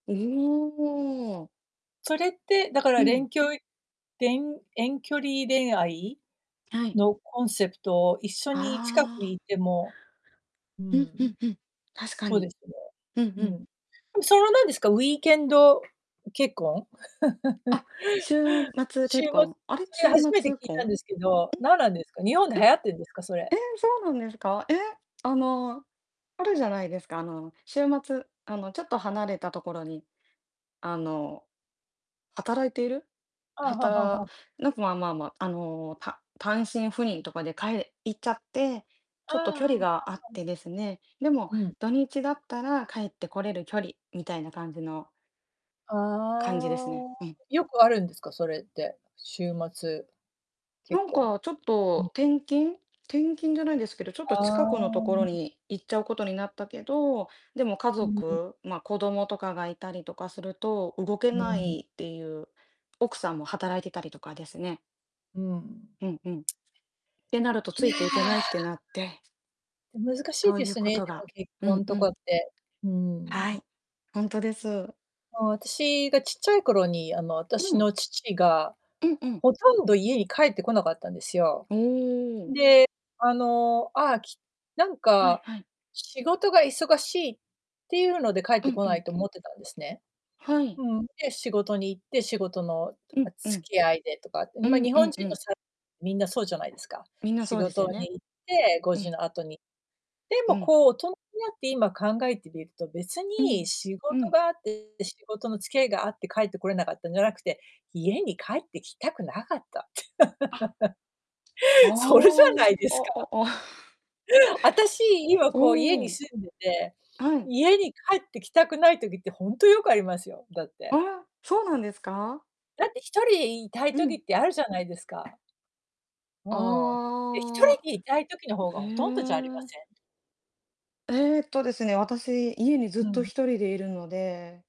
おおおお。それって、だかうら、れん。んきょいれん遠距離恋愛はい。のコンセプトを、一緒に、近くあいあ。てもううん、んうん。んうん。確かそうに。ですね、うんうん。うん、それは、なんですか、ウィーケンド結婚？あ、週末しゅ結うま婚。あれ、それ、週初めて末聞いたん婚、でん、すけど、なんなんですか、日本でえ、流行ってんですか、それ？ええ、そうなんですか。え。あの、あるじゃないですか、あの、週末、あの、ちょっと離れたところに、あの、働いているああ、はははたは。なんかまあまあまあ、あの、た単身赴任とかで帰れ行っちゃって、あちあょあっと距あ、離は、があっはん。てですね、でも、うん。土日だったら帰って来れる距離みたいな感じのああ感じですね。あうあ、ん。よくあるんですか？それって？週末結なん婚。かちょっん。と、転勤転勤じゃないですけどちょっとあ近あ、くのとこうろん。に行っちゃうことになったけど、でも、家うんうん。族、ま、子供とかがいたりとかすると、動けうなん。いっていう奥さんも働いてたりとかですねうん。うんうん。ってなるとついや。いていけないってなって難しいそうでゆうすこね、とでもが結うん婚うとかん。って。うーはん。い。ほんとです。あ、私がちっちゃい頃に、あの、う私ん。の父が、うんうん。ほとんど家に帰ってこなかったんですよ。おお。で、あの、ああ、きなんはいか、はい。仕事が忙しいってゆうので帰っうてんこうなん。いと思ってたんですね。はい。うん、で、仕事に行って、仕事の、うあ、んう付ん。き合いでとか、うま、ん日う本んう人のん。さみんなそうじゃないですか。みんな仕そうです事よにね。行って、ごうじん。の後に。でうも、ん。こう大人になって今考えてみると、別うにん、仕う事ん。があって、仕事の付き合いがあって、帰って来れなかったんじゃなくて、家に帰ってきたくなかったって。あ。ああ、それじゃないですあか？ああ。あたし、今、こう家おにお。住んでて、はい。家に帰ってきたくない時って、ほんとよくありますよ、だってあ、そうなんですか？だって1人、いたいう時ん。ってあるじゃないですか。ふ、うん。で、ひとああ。りでいたい時の方がへほとんどじゃありまえ。せん？えっとですね、私、家にずふっとん。1人でいるので